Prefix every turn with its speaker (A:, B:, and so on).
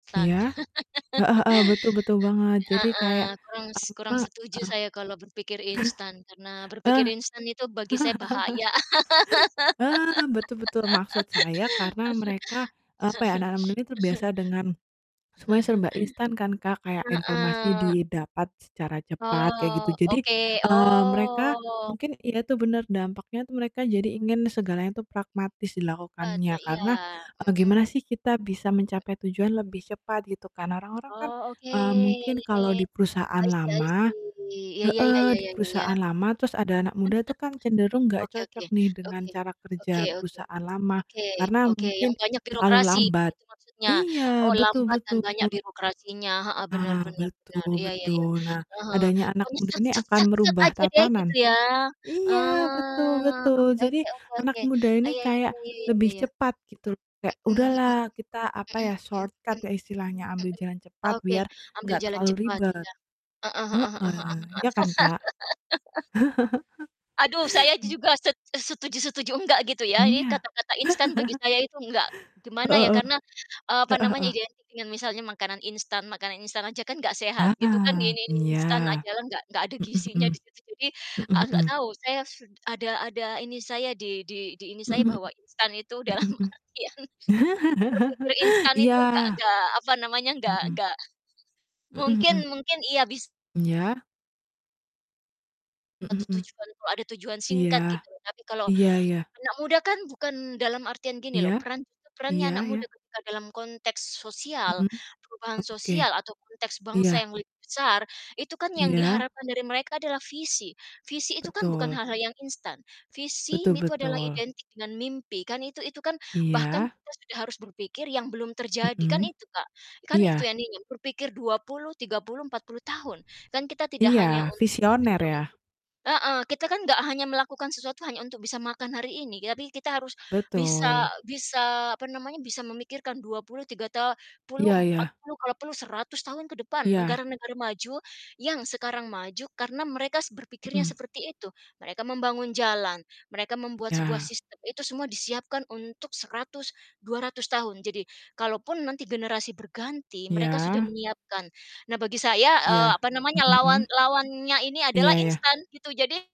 A: Instan
B: Iya. Heeh heeh, betul, betul banget. Jadi, kayak
A: heeh, kurang s
B: apa
A: kurang setuju saya kalau berpikir instan, karena
B: eee,
A: berpikir instan itu bagi saya bahaya.
B: eee eee, betul betul. Maksud saya karena mereka, eee, apa ya, anak-anak muda ini terbiasa dengan semuanya serba instan kan Kak, kayak informasi
A: heeh.
B: didapat secara cepat kayak gitu.
A: Oh
B: Jadi,
A: oke,
B: eee, mereka
A: oh.
B: mungkin ya itu bener, dampaknya tuh, mereka jadi
A: Bat
B: ingin segalanya tuh pragmatis
A: e Bat
B: dilakukannya
A: e
B: karena,
A: iya.
B: eee, gimana
A: Mhm.
B: sih kita bisa mencapai tujuan lebih cepat, gitu kan. Orang-orang kan,
A: Oh, oke
B: eee, mungkin kalau di perusahaan
A: I see, I
B: lama
A: see ya ya ya
B: heeh,
A: ya
B: di
A: ya ya ya.
B: perusahaan lama, terus ada anak muda tuh kan cenderung gak
A: Oke oke,
B: cocok nih dengan
A: oke,
B: cara
A: oke
B: kerja
A: oke,
B: perusahaan lama.
A: oke
B: Karena
A: oke, yang
B: mungkin
A: banyak
B: terlalu
A: birokrasi
B: lambat.
A: gitu maksudnya, oh
B: Iya, betul
A: lambat dan
B: betul.
A: banyak birokrasinya, heeh, benar
B: Nah,
A: benar benar,
B: betul
A: iya iya iya,
B: betul. Nah,
A: eee, heeh.
B: adanya anak
A: Pokoknya,
B: muda
A: sat
B: ini
A: set
B: akan
A: sat set,
B: merubah
A: aja deh gitu
B: tatanan.
A: ya,
B: Iya, betul
A: ah oke
B: betul. Jadi,
A: oke oke
B: anak
A: oke.
B: muda
A: Ah,
B: ini
A: ya ya
B: kayak
A: ya ya ya ya ya
B: lebih
A: ya.
B: cepat, gitu. Kayak,
A: Mhm mhm.
B: "Udahlah kita apa
A: Mhm mhm
B: ya,
A: mhm,
B: shortcut
A: mhm.
B: ya istilahnya, ambil jalan cepat,
A: Oke,
B: biar
A: ambil
B: enggak
A: jalan
B: terlalu
A: cepat,
B: ribet."
A: iya. Heeh heeh heeh heeh heeh.
B: Heeh. Iya kan Kak?
A: Aduh, saya juga set e setuju-setuju nggak gitu ya, ini
B: Iya.
A: kata-kata instan bagi saya itu nggak gimana ya,
B: Heeh heeh,
A: karena, eee, apa
B: heeh
A: namanya
B: heeh.
A: identik dengan misalnya makanan instan, makanan instan aja kan gak sehat. Gitu kan, mi
B: Ah,
A: mi m
B: iya.
A: instan ajalah gak gak ada
B: Mhm
A: gizinya
B: mhm,
A: di [unintelligible] jadi,
B: mhm
A: eee, gak
B: mhm.
A: tahu, saya set ada ada ini saya di di di ini saya
B: Mhm mhm,
A: bahwa instan itu dalam
B: mhm mhm.
A: artian berpikir instan itu gak
B: iya,
A: gak, apa namanya, gak
B: mhm.
A: gak
B: Mhm
A: mungkin
B: mhm.
A: mungkin, iya, bis
B: Iya.
A: Satu
B: Mhm mhm.
A: tujuan tuh ada tujuan singkat
B: Iya,
A: gitu. Tapi kalau
B: iya iya.
A: anak muda kan bukan dalam artian gini loh,
B: Iya,
A: peran perannya
B: iya
A: anak muda
B: iya.
A: ketika dalam konteks sosial,
B: Mhm.
A: perubahan
B: Oke.
A: sosial atau konteks bangsa
B: Iya.
A: yang lebih besar, itu kan yang
B: Iya.
A: diharapkan dari mereka adalah visi. Visi itu kan bukan
B: Betul.
A: hal-hal yang instan. Visi
B: Betul
A: itu adalah
B: betul.
A: identik dengan mimpi, kan itu itu kan bahkan
B: Iya.
A: kita sudah harus berpikir yang belum terjadi, kan
B: Mhm.
A: itu Kak, kan itu
B: Iya.
A: yang diingin berpikir 20, 30, 40 tahun. Kan kita tidak hanya
B: Iya.
A: un
B: Visioner,
A: berpikir
B: ya.
A: untuk heeh, kita kan gak hanya melakukan sesuatu hanya untuk bisa makan hari ini, tetapi kita harus bisa
B: Betul.
A: bisa apa namanya, bisa memikirkan 23 ta puluh
B: Iya
A: empat
B: iya.
A: puluh kalau perlu 100 tahun ke depan,
B: Iya.
A: negara-negara maju yang sekarang maju karena mereka s berpikirnya
B: Mhm.
A: seperti itu. Mereka membangun jalan, mereka membuat sebuah
B: Iya.
A: sistem, itu semua disiapkan untuk 100, 200 tahun. Jadi, kalaupun nanti generasi berganti, mereka sudah
B: Iya.
A: menyiapkan. Nah bagi saya, eee,
B: Iya,
A: apa namanya
B: mhm
A: lawan
B: mhm.
A: lawannya ini adalah
B: Iya iya.
A: instan, gitu. Jadi